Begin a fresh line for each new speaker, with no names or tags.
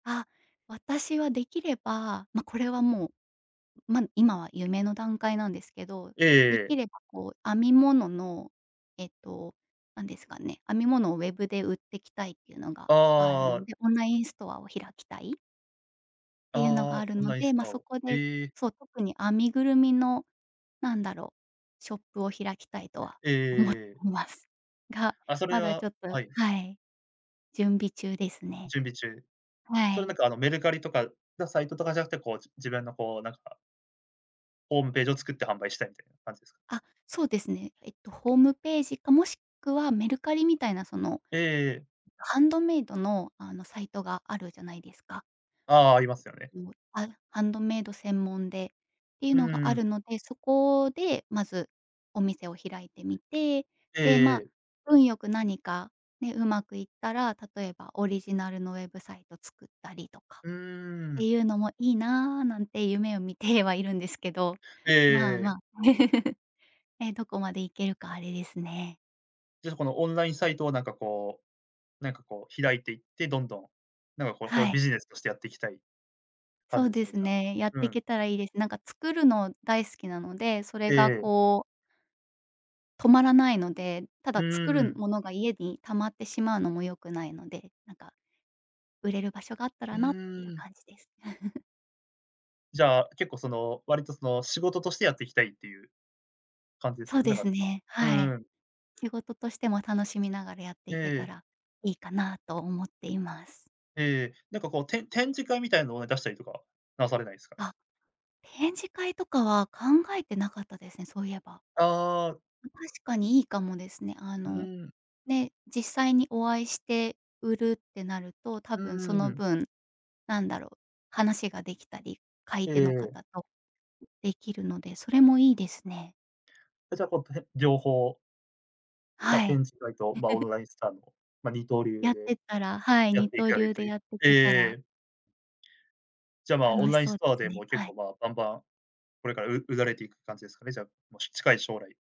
あ、私は出来ればま、これはもう、ま、今は夢の段階なんですけど。
ええ
出来
ええ。
ればこう、編み物のえっと、何ですかね、編み物をウェブで売ってきたいっていうのがある
あ
ん
あ。
で、オンラインストアを開きたい。ていうの
あ
が
あ、
ある
オン
の
ライン
で。
ス
ま、
トア
そ
を。
こで
ええ。
そう、特に編みぐるみの、なんだろう、ショップを開きたいとは
ええ
思って
ええええ。
ます。が、
あ、それ
まだち
は
ょっと
はい。
はい、準備中ですね。
準備中。
は
それ
い。
なんか、あのメルカリとかのサイトとかじゃなくて、こう、じ自分のこう、なんかホームページを作って販売したいみたいな、感じですか？
あ、そうですね。えっとホームページか、もしくはメルカリみたいなその、
ええええ。
ハンドメイドの、あのサイトがあるじゃないですか。
ああ、ありますよね。
うあ、ハンドメイド専門でっていう
う
の
ん
があ
うん。
るので、そこでまずお店を開いてみて。
ええ
で、ま、
ええ。
運良く何か、ね、うまくいったら、例えばオリジナルのウェブサイト作ったりとか
うー
って
ん。
いうのもいいな、なんて夢を見てはいるんですけど。
ええ
まあ
えええ
ま
え。
あ、え、どこまで行けるかあれですね。
じゃあ、このオンラインサイトをなんかこうなんかこう、開いていってどんどん、なんかこう、こう
は
いう
い。
ビジネスとしてやっていきたい感
そう
じです
で
ね、
す
じゃあ。
ね。やっ
う
てい
ん。
けたらいいです。なんか作るの大好きなので、それ
え
が
え。
こう止まらないので。た
うん
だ
う
作
んう
る
ん。
ものが家に溜まってしまうのも良くないので。なんか、売れる場所があったら
う
なっていう
ーん。
感じです。
じゃあ、結構その、割とその、仕事としてやっていきたいっていう、感じです
そう
よね、だ
で
から
す
さ
ね、
う
は
ん
い。
うん。
仕事としても楽しみながらやって
え
いけた
え。
らいいかなと思っています。
ええ。なんかこう、て展示会みたいなのを出したりとか、なされないすかね。
あ、展示会とかは考えてなかったですね、そういえば。
ああ。
確かにいいかもですね。あ
うう
の、
ん。
ね、実際にお会いして売るってなると、多
う
分
ん
そ
うんう
の
ん。
分、なんだろう、話が出来たり、買い
え
手
え
の
ええ。
方と。出来るので、それもいいですね。
え、じゃあこう、とへ両方ま、
はい。
展示会と、ま、オ ンラインストアの、ま、二刀
や
流
って
で、
ったら。はい、
やっ
二
てい
刀
かれ
流
ると
で
いう。
やって
ええ
けた
え
ら。
え。じゃあ、ま、オ
楽
ン
し
ライン
そう
ス
で
トア
す
でも
ね、
う結
はい。
構、ま、バンバン、これからう売られていく感じですかね。じゃあ、ま、し近い将来。